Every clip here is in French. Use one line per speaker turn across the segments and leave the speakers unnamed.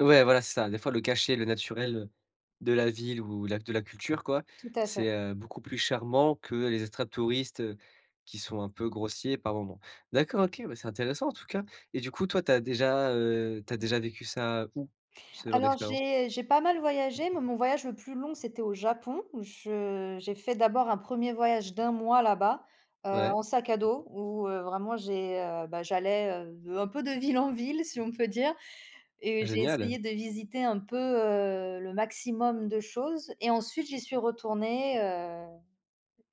Ouais, voilà, c'est ça. Des fois, le cachet, le naturel, heu, de la ville ou la de la culture quoi,
Tout à fait.
c'est, heu, beaucoup plus charmant que les extratouristes, heu, qui sont un peu grossiers par moment. D'accord, OK, bah, c'est intéressant en tout cas, et du coup, toi, tu as déjà, heu, tu as déjà vécu ça où, ce genre
Alors
d'expérience?
j'ai j'ai pas mal voyagé, mais mon voyage le plus long, c'était au Japon. Je j'ai fait d'abord un 1er voyage d' 1 mois là bas, heu,
Ouais.
en sac à dos, où, heu, vraiment j'ai, heu, bah, j'allais, heu, un peu de ville en ville, si on peut dire, et j'ai
Génial.
essayé de visiter un peu, heu, le maximum de choses, et ensuite, j'y suis retournée, heu,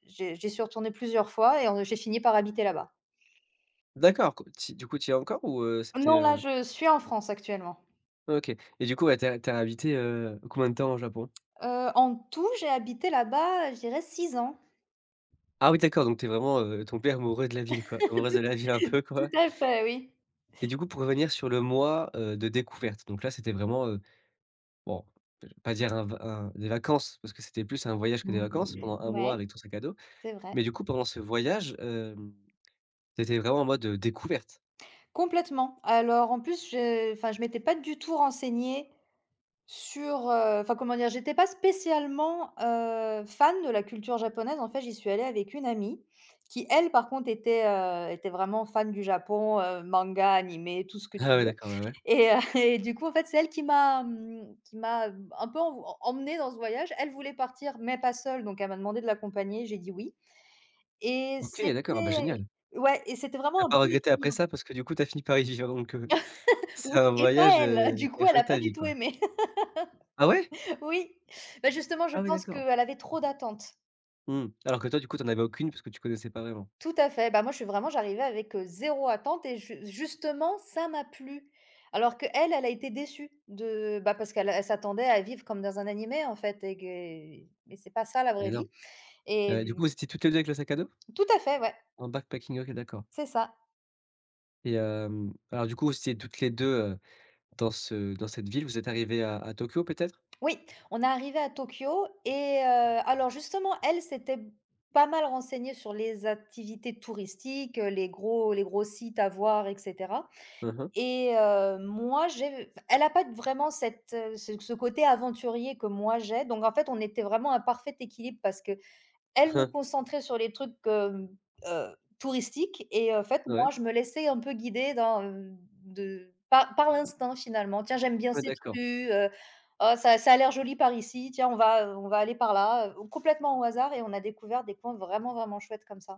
j'ai j'y suis retournée plusieurs fois et en j'ai fini par habiter là-bas.
D'accord, co tu y du coup, tu y es encore ou heu, c'était
Non, là,
heu
je suis en France actuellement.
OK, et du coup, ouais, tu as tu as habité, heu, combien de temps au Japon?
Heu, en tout, j'ai habité là-bas, je dirais 6 ans.
Ah oui d'accord, donc tu es vraiment, heu, tombé amoureux de la ville quoi,
Tout
amoureuse
tout
de la ville un
à
peu quoi.
tout à fait, oui.
Et du coup, pour revenir sur le mois, heu, de découverte, donc là, c'était vraiment, heu bon, je vais pas dire un v un des vacances parce que c'était plus un voyage que des vacances pendant 1 mois
Ouais.
avec ton sac à dos,
C'est vrai.
mais du coup, pendant ce voyage, hem, tu étais vraiment en mode, heu, découverte?
Complètement. Alors, en plus, je enfin je m'étais pas du tout renseignée sur, heu, enfin, comment dire? J'étais pas spécialement, heu, fan de la culture japonaise. En fait, j'y suis allée avec une amie qui, elle, par contre, était, heu, était vraiment fan du Japon, heu, manga, animé, tout ce que tu
Ah oui
veux,
d'accord, ouais ouais.
et heu, et du coup, en fait, c'est elle qui m'a mmh, qui m'a un peu env emmenée dans ce voyage. Elle voulait partir mais pas seule, donc elle m'a demandé de l'accompagner. J'ai dit: «Oui» et
OK! D'accord, ah beh
c'était
génial!
ouais, et c'était
Tu as
vraiment un
pas
bon
regretté après
équilibre.
ça parce que du coup tu as fini par y vivre donc heu,
Oui,
c'est un
et pas
voyage,
elle,
heu,
du
qui
coup
a
elle a
changé
pas
ta
du
vie
tout
quoi.
aimé.
Ah ouais?
Oui. Beh, justement, je
Ah oui
pense
d'accord.
qu'elle avait trop d'attentes.
Mmh. Alors que toi, du coup, tu en avais aucune puisque tu connaissais pas vraiment.
Tout à fait. Bah, moi, je suis vraiment j'arrivais avec, heu, 0 attente et j justement, ça m'a plu. Alors qu'elle, elle a été déçue de bah, parce qu'elle, elle s'attendait à vivre comme dans un animé en fait et gué et c'est pas ça la
Et
vraie
non.
vie,
Heu, du coup,
et
vous étiez toutes les 2 avec le sac à dos?
Tout à fait, ouais.
En backpacking. OK, d'accord.
C'est ça.
Et hem, alors du coup, vous étiez toutes les 2, heu, dans ce dans cette ville, vous êtes arrivées à à Tokyo peut-être?
Oui, on est arrivées à Tokyo et heu alors justement, elle, s'était pas mal renseignée sur les activités touristiques, heu, les gros les gros sites à voir, et cetera
Hein, hein.
et heu, moi, j'ai f elle a pas vraiment cette ce ce côté aventurier que moi j'ai, donc en fait, on était vraiment un parfait équilibre parce qu'elle me concentrait sur les trucs, hem, heu, touristiques, et en fait, moi,
Ouais.
je me laissais un peu guider dans, heu, de pa par l'instinct finalement. «Tiens, j'aime bien
Ouais,
cette
d'accord.
rue, heu, oh ça ça a l'air joli par ici, tiens on va, heu, on va aller par là, heu», complètement au hasard et on a découvert des coins vraiment, vraiment chouettes comme ça.